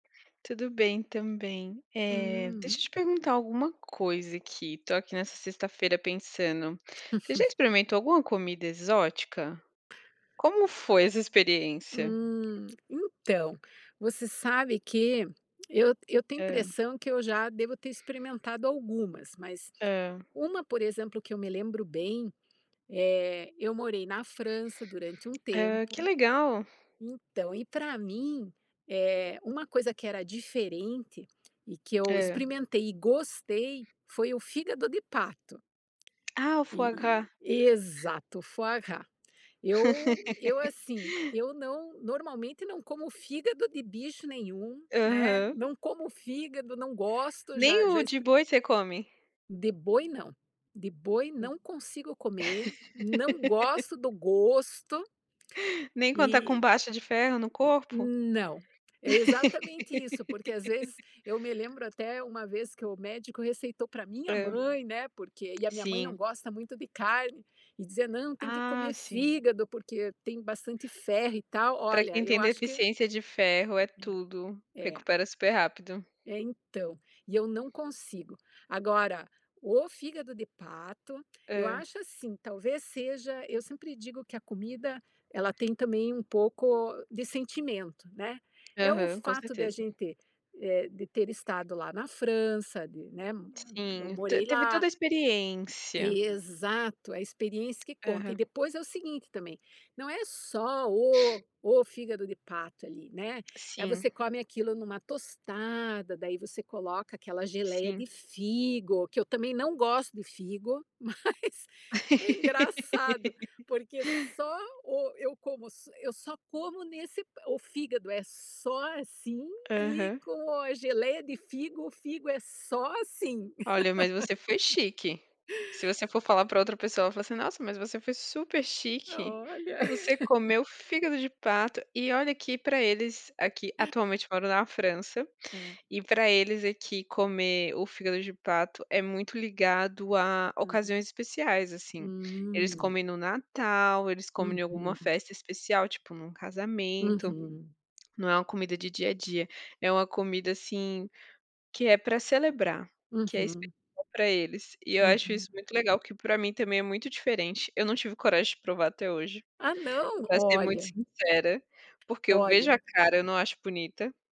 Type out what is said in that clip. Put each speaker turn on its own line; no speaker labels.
Tudo bem também, eh,
Hum.
deixa eu te perguntar alguma coisa aqui, tô aqui nessa sexta-feira pensando, você já experimentou alguma comida exótica? Como foi essa experiência?
Hum, então, você sabe que eu eu tenho
Hã.
impressão que eu já devo ter experimentado algumas, mas
Hã.
uma, por exemplo, que eu me lembro bem, eh, eu morei na França durante um
Hã, que
tempo,
legal.
então, e pra mim, eh, uma coisa que era diferente e que eu
Hã.
experimentei e gostei foi o fígado de pato.
Ah, o
E
foie gras.
e exato, foie gras. Eu eu assim, eu não normalmente não como fígado de bicho nenhum, né,
Aham.
não como fígado, não gosto,
Nem
já já
o de
experi
boi você come?
De boi não, de boi
Hum.
não consigo comer, não gosto do gosto
Nem quando tá com
e,
baixa de ferro no corpo?
n não, é exatamente isso, porque às vezes eu me lembro até uma vez que o médico receitou pra minha
Hã.
mãe, né, porque e a minha mãe não
Sim.
gosta muito de carne e dizia: "Não, tem que
Ah,
comer
sim.
fígado, porque tem bastante ferro e tal",
Pra
olha,
quem
eu
tem
acho que
deficiência de ferro é
Eh,
tudo,
eh.
recupera super rápido.
É, então, e eu não consigo. Agora, o fígado de pato, eu
Hã.
acho assim, talvez, seja eu sempre digo que a comida ela tem também um pouco de sentimento, né, é o
Aham, com
fato da
certeza.
gente, eh, de ter estado lá na França, de, né, m eu
Sim, te
morei
teve
lá.
toda a experiência.
Exato, a experiência que conta e
Aham.
depois é o seguinte também, não é só o o fígado de pato ali, né, é
Sim.
você come aquilo numa tostada, daí você coloca aquela geleia
Sim.
de figo, que eu também não gosto de figo, mas é engraçado, porque só o eu como s eu só como nesse o fígado é só assim e
Aham.
com a geleia de figo, o figo é só assim.
Olha, mas você foi chique. Se você for falar pra outra pessoa, ela vai falar assim "Nossa, mas você foi super chique,
Olha.
você comeu fígado de pato", e olha que pra eles aqui atualmente moro na França
É.
e pra eles aqui comer o fígado de pato é muito ligado a
Hã.
ocasiões especiais, assim, eles
Hum.
comem no Natal, eles comem em alguma
Uhum.
festa especial, tipo, num casamento,
Uhum.
não é uma comida de dia a dia, é uma comida, assim, que é pra celebrar, que é especial
Uhum.
pra eles e eu acho
Uhum.
isso muito legal, que pra mim também é muito diferente. Eu não tive coragem de provar até hoje,
Ah, não?
pra ser muito
Olha.
sincera, porque eu vejo a
Olha.
cara, eu não acho bonita.